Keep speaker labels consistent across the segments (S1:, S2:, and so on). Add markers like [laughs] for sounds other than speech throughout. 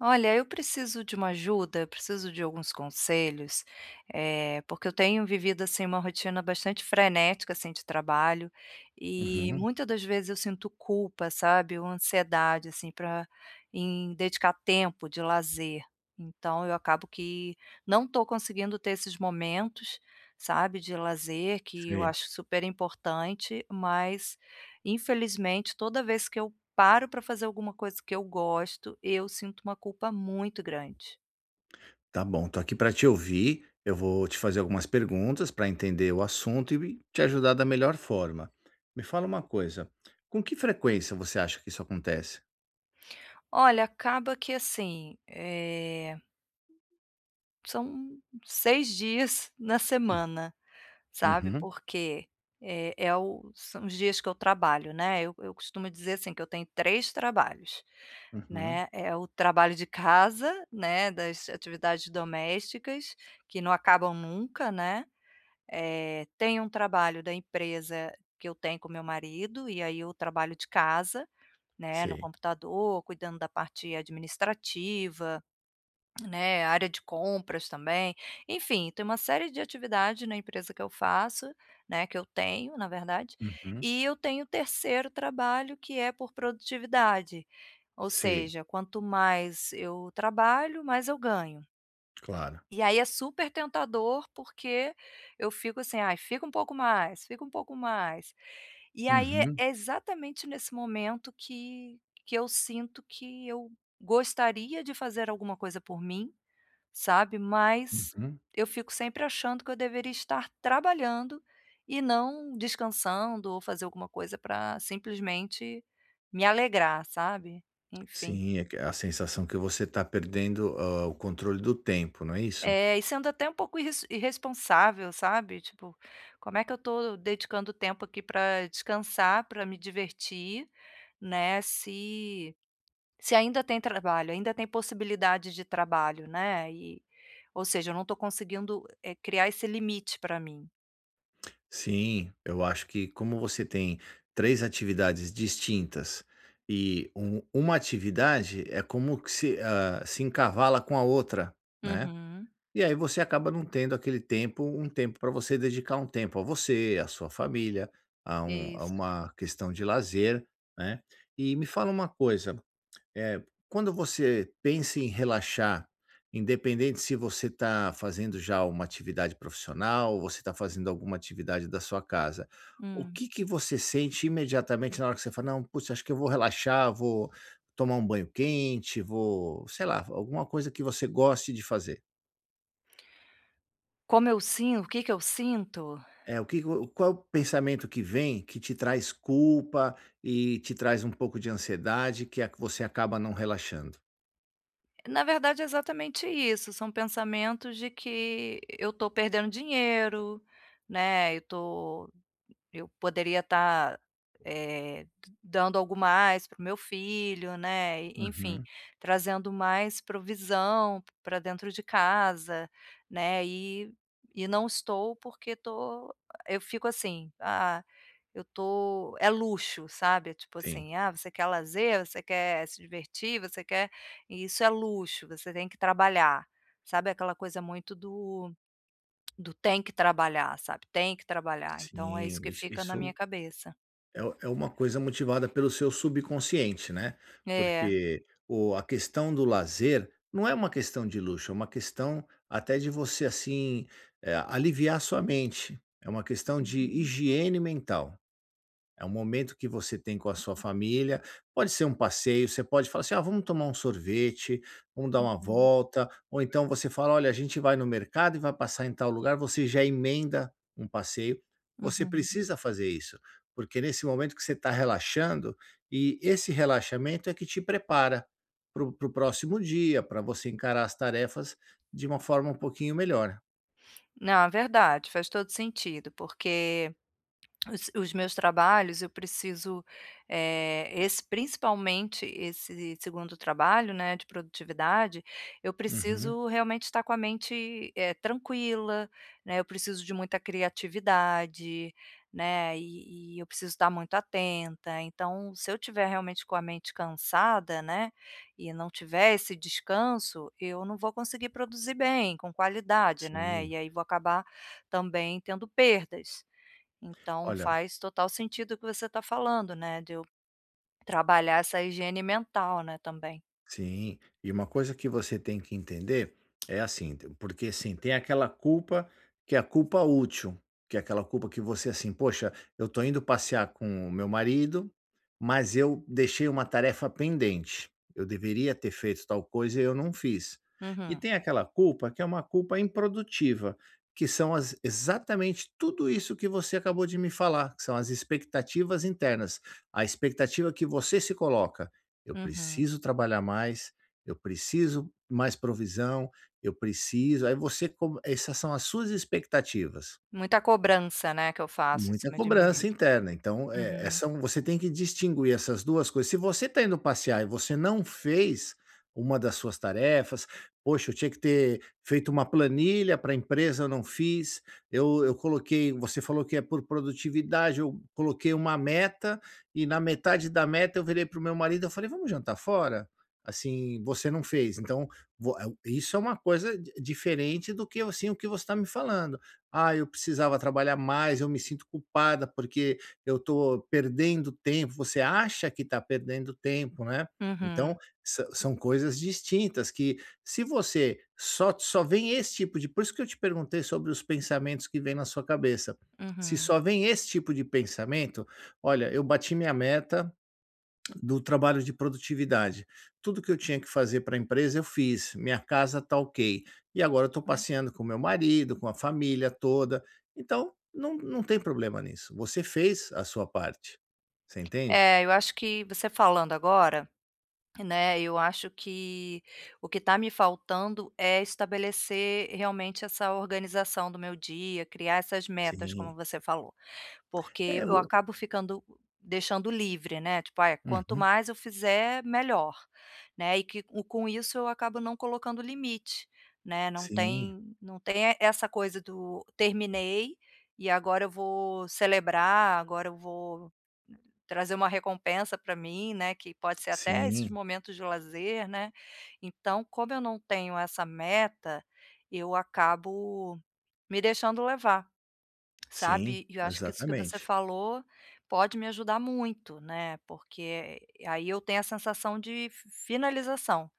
S1: Olha, eu preciso de uma ajuda, eu preciso de alguns conselhos, eh, porque eu tenho vivido, assim, uma rotina bastante frenética, assim, de trabalho, e
S2: Uhum.
S1: muita das vezes eu sinto culpa, sabe, uma ansiedade, assim, pra em dedicar tempo de lazer, então eu acabo que não estou conseguindo ter esses momentos, sabe, de lazer, que eu
S2: Sei.
S1: acho super importante, mas, infelizmente, toda vez que eu paro pra fazer alguma coisa que eu gosto, eu sinto uma culpa muito grande.
S2: Tá bom, estou aqui pra te ouvir. Eu vou te fazer algumas perguntas pra entender o assunto e te ajudar da melhor forma. Me fala uma coisa, com que frequência você acha que isso acontece?
S1: Olha, acaba que assim, eh são 6 dias na semana, sabe,
S2: Uhum.
S1: porque é é o são os dias que eu trabalho, né, eu eu costumo dizer assim, que eu tenho 3 trabalhos,
S2: Uhum.
S1: né, é o trabalho de casa, né, das atividades domésticas, que não acabam nunca, né. Eh, tem um trabalho da empresa que eu tenho com meu marido e aí eu trabalho de casa, né, no
S2: Sei.
S1: computador, cuidando da parte administrativa, né, área de compras também. Enfim, tem uma série de atividade na empresa que eu faço, né, que eu tenho, na verdade,
S2: Uhum.
S1: e eu tenho o 3º trabalho que é por produtividade, ou
S2: Sei.
S1: seja, quanto mais eu trabalho mais eu ganho.
S2: Claro.
S1: E aí é super tentador, porque eu fico assim: "Ai, fica um pouco mais, fica um pouco mais". E aí é
S2: Uhum.
S1: é exatamente nesse momento que que eu sinto que eu gostaria de fazer alguma coisa por mim, sabe, mas
S2: Uhum.
S1: eu fico sempre achando que eu deveria estar trabalhando e não descansando, ou fazer alguma coisa pra simplesmente me alegrar, sabe. Enfim.
S2: Sim. É que a sensação que você está perdendo, hã, o controle do tempo, não é isso?
S1: É. E sendo até um pouco irres irresponsável, sabe, tipo, como é que eu estou dedicando tempo aqui pra descansar, pra me divertir, né, se se ainda tem trabalho, ainda tem possibilidade de trabalho, né. E ou seja, eu não estou conseguindo, eh, criar esse limite pra mim.
S2: Sim, eu acho que como você tem 3 atividades distintas, e u 1 atividade, é como que se ah, se encavala com a outra, né.
S1: Uhum.
S2: E aí você acaba não tendo aquele tempo um tempo pra você dedicar um tempo a você, à sua família, a um a
S1: Isso.
S2: uma questão de lazer, né. E me fala uma coisa, eh, quando você pensa em relaxar, independente se você tá fazendo já uma atividade profissional ou você tá fazendo alguma atividade da sua casa, o
S1: Hum.
S2: que que você sente imediatamente na hora que você fala: "Não, putz, acho que eu vou relaxar, vou tomar um banho quente, vou", sei lá f alguma coisa que você goste de fazer?
S1: Como eu sin o que que eu sinto?
S2: É, o que q o qual pensamento que vem que te traz culpa e te traz um pouco de ansiedade que é que você acaba não relaxando?
S1: Na verdade é exatamente isso, são pensamentos de que eu tô perdendo dinheiro, né, eu tô eu poderia estar, eh, d dando algo mais para o meu filho, né, e enfim,
S2: Uhum.
S1: trazendo mais provisão p pra dentro de casa, né, e e não estou porque tô eu fico assim, ah, eu tô é luxo sabe. É tipo
S2: Sim.
S1: assim: "Ah, você quer lazer? Você quer se divertir? Você quer isso é luxo, você tem que trabalhar!". Sabe aquela coisa muito do [clicks tongue] do "tem que trabalhar", sabe. "Tem que trabalhar", então é isso
S2: Sim,
S1: que
S2: iss
S1: fica na
S2: isso
S1: minha cabeça.
S2: é u é uma coisa motivada pelo seu subconsciente, né,
S1: É.
S2: porque o a questão do lazer não é uma questão de luxo, é uma questão até de você assim eh, aliviar a sua mente, é uma questão de
S1: Uhum.
S2: higiene mental. É um momento que você tem com a sua família, pode ser um passeio, você pode falar assim: "Ah, vamos tomar um sorvete, vamos dar uma
S1: Uhum.
S2: volta", ou então você fala: "Olha, a gente vai no mercado e vai passar em tal lugar", você já emenda um passeio. Você
S1: Uhum.
S2: precisa fazer isso, porque nesse momento que você tá relaxando, e esse relaxamento é que te prepara, para o para o próximo dia, pra você encarar as tarefas de uma forma um pouquinho melhor.
S1: Não, é verdade. Faz todo sentido, porque os os meus trabalhos, eu preciso, eh, esse principalmente, esse segundo trabalho, né, de produtividade, eu
S2: Uhum.
S1: preciso realmente estar com a mente, eh, tranquila, né, eu preciso de muita criatividade, né, e e eu preciso estar muito atenta. Então, se eu estiver realmente com a mente cansada, né, e não tiver esse descanso, eu não vou conseguir produzir bem, com qualidade, né,
S2: Sim.
S1: e aí vou acabar também tendo perdas. Então,
S2: Olha
S1: faz total sentido o que você tá falando, né, de eu trabalhar essa higiene mental, né, também.
S2: Sim. E uma coisa que você tem que entender [clicks tongue] é, assim, porque, assim, tem aquela culpa que é a culpa útil, que é aquela culpa que você, assim: "Poxa, eu estou indo passear com o meu marido, mas eu deixei uma tarefa pendente. Eu deveria ter feito tal coisa e eu não fiz". E
S1: Uhum.
S2: tem aquela culpa que é uma culpa improdutiva, que são as exatamente tudo isso que você acabou de me falar, que são as expectativas internas. A expectativa que você se coloca: "Eu
S1: Uhum.
S2: preciso trabalhar mais, eu preciso mais provisão, eu preciso", aí você co essas são as suas expectativas.
S1: Muita cobrança, né, que eu faço em
S2: Muita
S1: cima de mim
S2: cobrança
S1: mesma.
S2: interna. Então, é é
S1: Uhum.
S2: são você tem que distinguir essas 2 coisas. Se você está indo passear e você não fez uma das suas tarefas: "Poxa, eu tinha que ter feito uma planilha pra empresa, eu não fiz. Eu eu coloquei", você falou que é por produtividade: "Eu coloquei uma meta, e, na metade da meta, eu virei para o meu marido e falei: 'Vamos jantar fora?'". Assim, você não fez. Então, voa isso é uma coisa diferente do que, assim, o que você está me falando: "Ah, eu precisava trabalhar mais. Eu me sinto culpada, porque eu estou perdendo tempo". Você acha que está perdendo tempo, né. Então,
S1: Uhum.
S2: sã são coisas distintas, que se você só só vem esse tipo de isso que eu te perguntei sobre os pensamentos que vêm na sua cabeça. Se
S1: Uhum.
S2: só vem esse tipo de pensamento: "Olha, eu bati minha meta do trabalho de produtividade. Tudo que eu tinha que fazer para a empresa eu fiz. Minha casa está ok, e agora eu estou
S1: Hum.
S2: passeando com o meu marido, com a família toda". Então, não não tem problema nisso. Você fez a sua parte, você entende?
S1: É, eu acho que, você falando agora, né, eu acho que o que está me faltando é estabelecer realmente essa organização do meu dia, criar essas metas, como
S2: Sim.
S1: você falou. Porque
S2: É,
S1: eu
S2: boa.
S1: acabo ficando deixando livre, né, tipo: "Ai, quanto
S2: Uhum.
S1: mais eu fizer, melhor", né, e com isso, eu acabo não colocando limite, né. Não
S2: Sim.
S1: tem não tem essa coisa do "terminei e agora eu vou celebrar, agora eu vou trazer uma recompensa pra mim", né, que pode ser até esses
S2: Sim.
S1: momentos de lazer, né. Então, como eu não tenho essa meta, eu acabo me deixando levar,
S2: Sim,
S1: sabe. E eu acho que isso que você
S2: exatamente.
S1: falou pode me ajudar muito, né, porque aí eu tenho a sensação de finalização,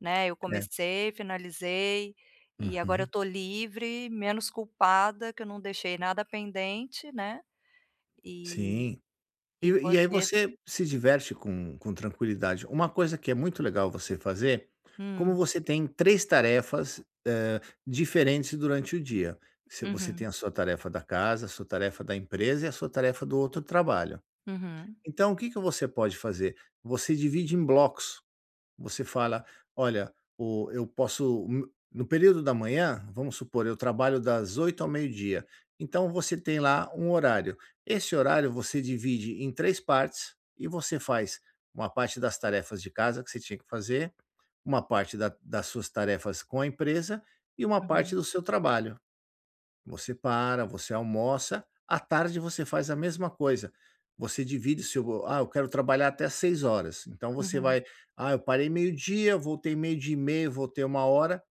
S1: né. Eu
S2: É.
S1: comecei, finalizei e agora eu
S2: Uhum.
S1: estou livre, menos culpada, que eu não deixei nada pendente, né, e
S2: Sim. E
S1: e
S2: e aí
S1: poder
S2: você se diverte com com tranquilidade. Uma coisa que é muito legal você fazer, como
S1: Hum.
S2: você tem 3 tarefas, hã, diferentes durante o dia, se você tem
S1: Uhum.
S2: a sua tarefa da casa, a sua tarefa da empresa e a sua tarefa do outro trabalho.
S1: Uhum.
S2: Então, o que que você pode fazer? Você divide em blocos. Você fala: "Olha, o eu posso no no período da manhã, vamos supor, eu trabalho das 8h ao meio-dia", então você tem lá um horário. Esse horário você divide em 3 partes e você faz uma parte das tarefas de casa que você tinha que fazer, uma parte da das suas tarefas com a empresa e uma parte
S1: Uhum.
S2: do seu trabalho. Você para, você almoça; à tarde você faz a mesma coisa. Você divide o seu: "Ah, eu quero trabalhar até às 18h.", então você
S1: Uhum.
S2: vai: "Ah, eu parei meio-dia, voltei 12h30, voltei 13h".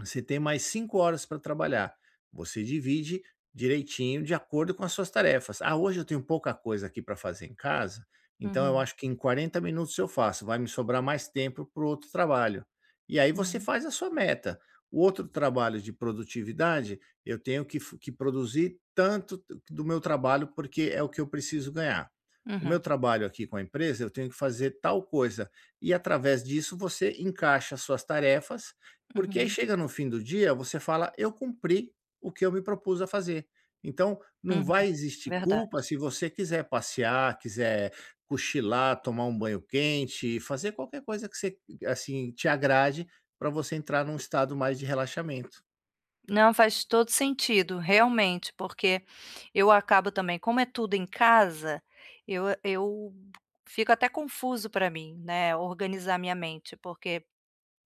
S2: Você tem mais 5 horas para trabalhar. Você divide direitinho, de acordo com as suas tarefas. "Ah, hoje eu tenho pouca coisa aqui pra fazer em casa, então eu
S1: Uhum.
S2: acho que em 40 minutos eu faço. Vai me sobrar mais tempo para o outro trabalho", e aí você
S1: Uhum.
S2: faz a sua meta. "O outro trabalho de produtividade, eu tenho que fo que produzir tanto do meu trabalho, porque é o que eu preciso ganhar. O
S1: Uhum.
S2: meu trabalho aqui com a empresa, eu tenho que fazer tal coisa". E, através disso, você encaixa as suas tarefas, porque aí
S1: Uhum.
S2: chega no fim do dia, você fala: "Eu cumpri o que eu me propus a fazer". Então não
S1: Uhum,
S2: vai existir
S1: verdade.
S2: culpa se você quiser passear, quiser cochilar, tomar um banho quente, fazer qualquer coisa que se assim, te agrade, pra você entrar num estado mais de relaxamento.
S1: Não, faz todo sentido, realmente, porque eu acabo também, como é tudo em casa, eu eu fico até confuso para mim, né, organizar minha mente porque,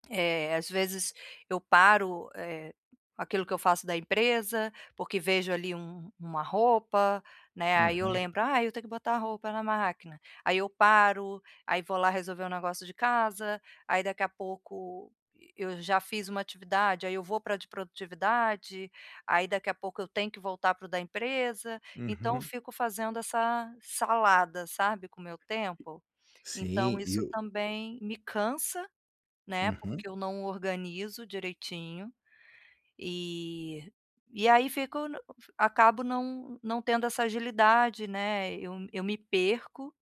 S1: eh, às vezes eu paro, eh, aquilo que eu faço da empresa, porque vejo ali um uma roupa, né, aí eu
S2: Uhum.
S1: lembro: "Ai, eu tenho que botar a roupa na máquina.", aí eu paro, aí vou lá resolver um negócio de casa, aí daqui a pouco eu já fiz uma atividade, aí eu vou para a de produtividade, aí daqui a pouco eu tenho que voltar para o da empresa. Então
S2: Uhum.
S1: fico fazendo essa salada, sabe, com o meu tempo? Então
S2: Sim, e
S1: isso
S2: o
S1: também me cansa, né,
S2: Uhum.
S1: porque eu não organizo direitinho, e e aí fico n acabo não não tendo essa agilidade, né. Eu eu me perco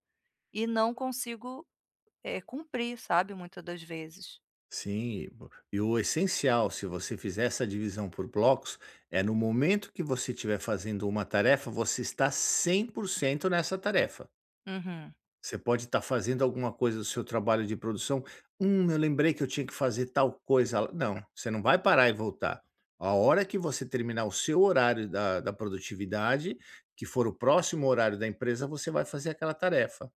S1: e não consigo, eh, cumprir, sabe, muita das vezes.
S2: Sim, o e o essencial, se você fizer essa divisão por blocos, é no momento que você estiver fazendo uma tarefa você estar 100% nessa tarefa.
S1: Uhum.
S2: Você pode estar fazendo alguma coisa do seu trabalho de produção, "hum, eu lembrei que eu tinha que fazer tal coisa", não, você não vai parar e voltar. A hora que você terminar o seu horário da da produtividade, que for o próximo horário da empresa, você vai fazer aquela tarefa.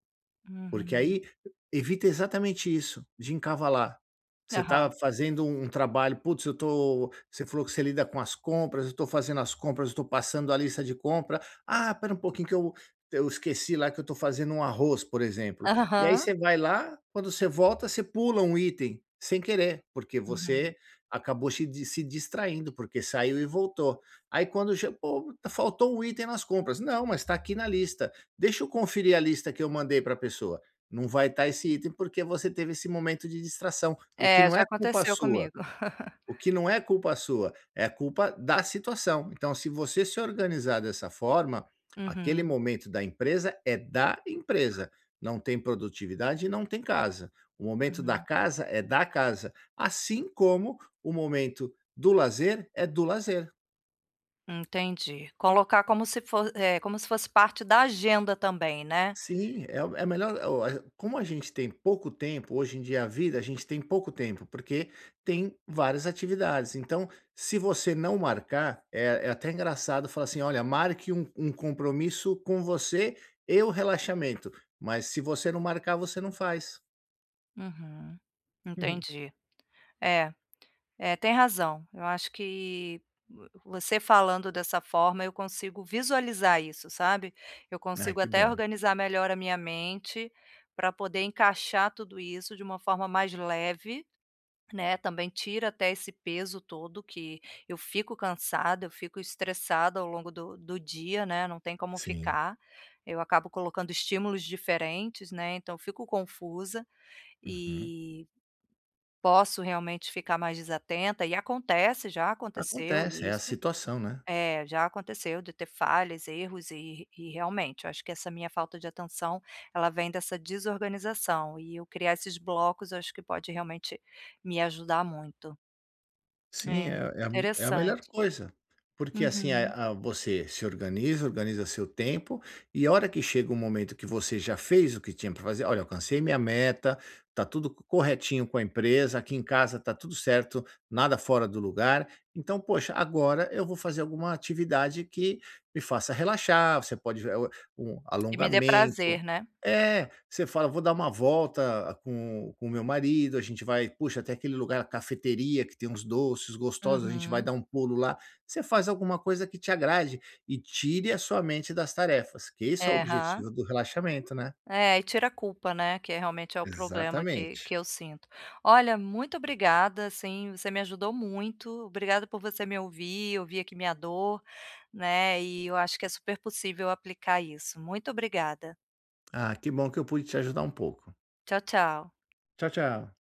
S2: Porque
S1: Uhum.
S2: aí evita exatamente isso, de encavalar. Você
S1: Aham.
S2: estava fazendo um trabalho, "putz, eu tô" você falou que você lida com as compras, "eu estou fazendo as compras, eu estou passando a lista de compra", "ah, espera um pouquinho que eu eu esqueci lá que eu estou fazendo um arroz, por exemplo",
S1: [chuckles]
S2: e aí
S1: Aham.
S2: você vai lá, quando você volta, você pula um item sem querer, porque
S1: Uhum.
S2: você acabou chi di se distraindo porque saiu e voltou, aí quando che "pô, faltou um item nas compras", "não, mas está aqui na lista, deixa eu conferir a lista que eu mandei para pessoa". Não vai tá esse item, porque você teve esse momento de distração, o que
S1: É,
S2: não
S1: já
S2: é culpa
S1: aconteceu
S2: sua,
S1: comigo. [laughs]
S2: o que não é culpa sua, é a culpa da situação, então se você se organizar dessa forma, aquele
S1: Uhum.
S2: momento da empresa é da empresa, não tem produtividade e não tem casa, o momento da
S1: Uhum.
S2: casa é da casa, assim como o momento do lazer é do lazer.
S1: Entendi, colocar como se for eh, como se fosse parte da agenda também, né.
S2: Sim, é é melhor o como a gente tem pouco tempo, hoje em dia a vida, a gente tem pouco tempo porque tem várias atividades. Então, se você não marcar, é é até engraçado falar assim olha marque um um compromisso com você e o relaxamento, mas, se você não marcar, você não faz.
S1: Uhum.
S2: Uhum.
S1: Entendi. É é tem razão, eu acho que, vo você falando dessa forma eu consigo visualizar isso, sabe. Eu
S2: Ah,
S1: consigo
S2: que
S1: até
S2: bom.
S1: organizar melhor a minha mente, para poder encaixar tudo isso de uma forma mais leve, né. Também tira até esse peso todo que eu fico cansada, eu fico estressada ao longo do do dia, né, não tem como
S2: Sim.
S1: ficar, eu acabo colocando estímulos diferentes, né, então fico confusa,
S2: Uhum.
S1: e, posso realmente ficar mais desatenta e acontece, já aconteceu
S2: Acontece, é a
S1: isso.
S2: situação, né.
S1: É, já aconteceu de ter falhas, erros e e, realmente, eu acho que essa minha falta de atenção ela vem dessa desorganização. E eu criar esses blocos eu acho que pode, realmente, me ajudar muito.
S2: Sim,
S1: É,
S2: é a é a melhor
S1: interessante.
S2: coisa. Porque, assim,
S1: Uhum.
S2: a a você se organiza, organiza seu tempo, e a hora que chega um momento que você já fez o que tinha para fazer: "Olha alcancei minha meta, está tudo co corretinho com a empresa, aqui em casa está tudo certo, nada fora do lugar.". Então, poxa, agora eu vou fazer alguma atividade que me faça relaxar, você pode o um
S1: Que me dê prazer,
S2: alongamento
S1: né?
S2: é, você fala: "Vou dar uma volta com com o meu marido. A gente vai, puxa até aquele lugar, a cafeteria que tem uns doces gostosos, a gente vai
S1: Uhum.
S2: dar um pulo lá", você faz alguma coisa que te agrade, e tire a sua mente das tarefas, que esse é o
S1: É, Hã.
S2: objetivo do relaxamento, né.
S1: É, e tira a culpa, né, que realmente é o problema que que
S2: Exatamente.
S1: eu sinto. Olha, muito obrigada, assim, você me ajudou muito, obrigada por você me ouvir, ouvir aqui minha dor, né, e eu acho que é super possível aplicar isso, muito obrigada.
S2: Ah, que bom que eu pude te ajudar um pouco.
S1: Tchau, tchau.
S2: Tchau, tchau.